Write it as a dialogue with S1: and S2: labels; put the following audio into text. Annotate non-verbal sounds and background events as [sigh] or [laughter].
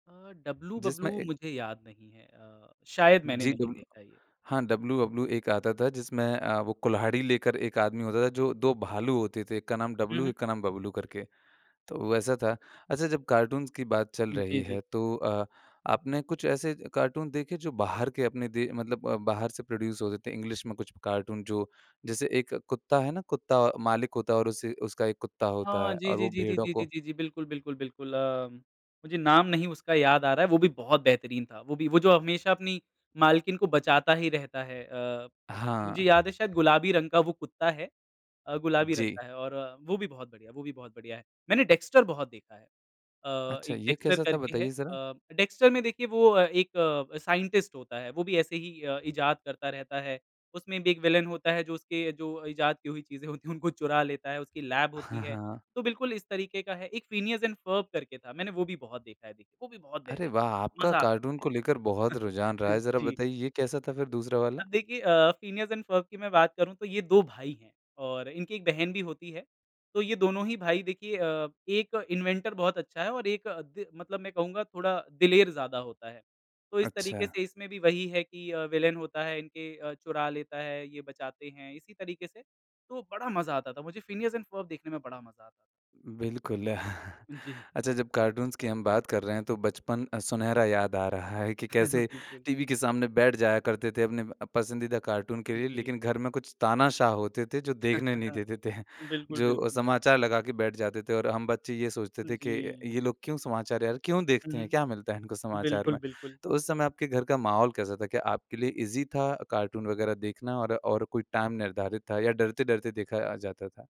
S1: अ,
S2: जिसमें
S1: डब्लू-बबलू
S2: एक
S1: मुझे याद नहीं है। अ, शायद मैंने
S2: जी,
S1: नहीं
S2: डब्ल
S1: देखा ये।
S2: हाँ, डब्लू-बबलू एक आता था, जिसमें अ, वो कुल्हाड़ी लेकर 1 आदमी होता था, जो 2 भालू होते थे, एक का नाम
S1: हुँ,
S2: डब्लू,
S1: हुँ।
S2: एक का नाम बबलू करके। तो वो वैसा था। अच्छा, जब कार्टून्स की बात चल रही
S1: जी,
S2: है,
S1: जी।
S2: तो अ, आपने कुछ ऐसे कार्टून देखे, जो बाहर के अपने दे मतलब अ, बाहर से प्रोड्यूस होते थे? इंग्लिश में कुछ कार्टून, जो जैसे एक कुत्ता है ना, कुत्ता, औ मालिक होता है और उसी उसका एक कुत्ता होता
S1: हाँ,
S2: है,
S1: जी,
S2: और
S1: जी,
S2: वो
S1: जी, जी,
S2: भेड़ों
S1: जी,
S2: को
S1: जी, जी, जी, बिल्कुल, बिल्कुल, बिल्कुल अम, मुझे नाम नहीं उसका याद आ रहा है, वो भी बहुत बेहतरीन था। वो भी वो जो हमेशा अपनी मालकिन को बचाता ही रहता है। अ, मुझे
S2: हाँ।
S1: याद है, शायद गुलाबी रंग का वो कुत्ता है। अ, गुलाबी रंग
S2: जी।
S1: का है और वो भी बहुत बढ़िया वो भी बहुत बढ़िया है। मैंने डेक्स्टर बहुत देखा है अ,
S2: अच्छा,
S1: एक
S2: ये
S1: डेक्स्टर
S2: कैसा था?
S1: करके है।
S2: बताइए ज़रा।
S1: अ, डेक्स्टर में, देखिए, वो अ, एक साइंटिस्ट होता है। वो भी ऐसे ही अ, इजाद करता रहता है। उसमें भी एक विलेन होता है, जो उसके जो इजाद की हुई चीज़ें होती हैं, उनको चुरा लेता है, उसकी लैब होती
S2: हाँ,
S1: है।
S2: हाँ।
S1: तो बिल्कुल इस तरीके का है। एक फ़िनियस एंड फ़र्ब करके था, मैंने वो भी बहुत देखा है, देखिए। वो भी बहुत
S2: अरे,
S1: बेहतरीन
S2: वाह!
S1: है,
S2: आपका
S1: मज़ा आता
S2: कार्टून को लेकर
S1: था।
S2: बहुत रुझान रहा है।
S1: [chuckles]
S2: ज़रा
S1: जी।
S2: बताइए, ये कैसा था फिर दूसरा वाला?
S1: अब देखिए अ, फ़िनियस एंड फ़र्ब की मैं बात करूँ, तो ये 2 भाई हैं, और इनकी एक बहन भी होती है। तो ये दोनों ही भाई, देखिए अ, एक तो इन्वेंटर बहुत अच्छा है और एक अ, दे मतलब मैं कहूँगा, थोड़ा दिलेर ज़्यादा होता है। तो इस तरीके
S2: अच्छा।
S1: से, इसमें भी वही है कि अ, विलेन होता है, इनके अ, चुरा लेता है, ये बचाते हैं, इसी तरीके से। तो बड़ा मज़ा आता था, मुझे फ़िनियस एंड फ़र्ब देखने में बड़ा मज़ा आता था।
S2: बिल्कुल, [chuckles]
S1: हुँ, जी।
S2: अच्छा, जब कार्टून्स की हम बात कर रहे हैं, तो बचपन अ, सुनहरा याद आ रहा है कि
S1: [chuckles]
S2: कैसे
S1: बिल्कुल।
S2: टीवी के सामने बैठ जाया करते थे, अपने म अ, पसंदीदा कार्टून के लिए।
S1: जी।
S2: लेकिन घर में कुछ तानाशाह होते थे, जो देखने नहीं
S1: [chuckles]
S2: देते थे,
S1: बिल्कुल,
S2: जो अ,
S1: बिल्कुल।
S2: समाचार लगा के बैठ जाते थे और हम बच्चे ये सोचते थे कि,
S1: जी।
S2: "ये लोग क्यों समाचार, यार, क्यों
S1: हुँ,
S2: देखते हैं? क्या
S1: हुँ।
S2: मिलता है इनको समाचार
S1: बिल्कुल,
S2: में?"
S1: बिल्कुल।
S2: तो उस समय आपके घर का माहौल कैसा था? क्या आपके लिए ईज़ी था कार्टून वग़ैरह देखना, और और कोई टाइम निर्धारित था, या डरते-डरते देखा अ, जाता था?